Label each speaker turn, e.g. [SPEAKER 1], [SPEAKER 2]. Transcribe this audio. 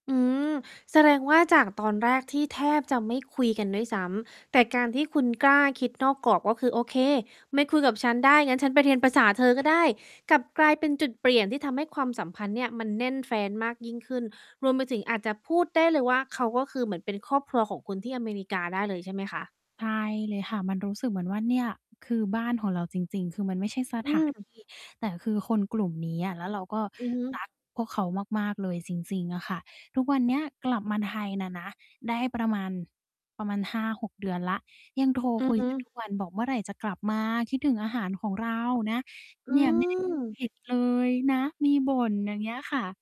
[SPEAKER 1] อืม แสดงว่าจากตอนแรกที่แทบจะไม่คุยกันด้วยซ้ำ แต่การที่คุณกล้าคิดนอกกรอบ ก็คือ "โอเค ไม่คุยกับฉันได้ งั้นฉันไปเรียนภาษาเธอก็ได้" กลับกลายเป็นจุดเปลี่ยนที่ทำให้ความสัมพันธ์เนี่ยมันแน่นแฟ้นมากยิ่งขึ้น รวมไปถึงอาจจะพูดได้เลยว่า เขาก็คือเหมือนเป็นครอบครัวของคุณที่อเมริกาได้เลยใช่ไหมคะ?
[SPEAKER 2] ใช่เลยค่ะ มันรู้สึกเหมือนว่าเนี่ย คือ บ้านของเราจริง ๆ คือมันไม่ใช่
[SPEAKER 1] อืม
[SPEAKER 2] สถาน ที่ แต่คือคนกลุ่มเนี้ย แล้วเราก็
[SPEAKER 1] อือฮึ
[SPEAKER 2] รัก พวกเขามาก ๆ เลย จริง ๆ อะค่ะ ทุกวันเนี้ยกลับมาไทยน่ะนะ ได้ประมาณ ประมาณ 5-6 เดือนแล้ว ยังโทร
[SPEAKER 1] อื
[SPEAKER 2] ค
[SPEAKER 1] อ
[SPEAKER 2] ุย
[SPEAKER 1] ฮึ
[SPEAKER 2] กัน ทุกวันบอก "เมื่อไรจะกลับมา? คิดถึงอาหารของเรานะ
[SPEAKER 1] อ
[SPEAKER 2] เ
[SPEAKER 1] ื
[SPEAKER 2] นี่ยไม่ได้
[SPEAKER 1] ม
[SPEAKER 2] เผ็ด เลยนะ" มีบ่น อย่างเงี้ยค่ะ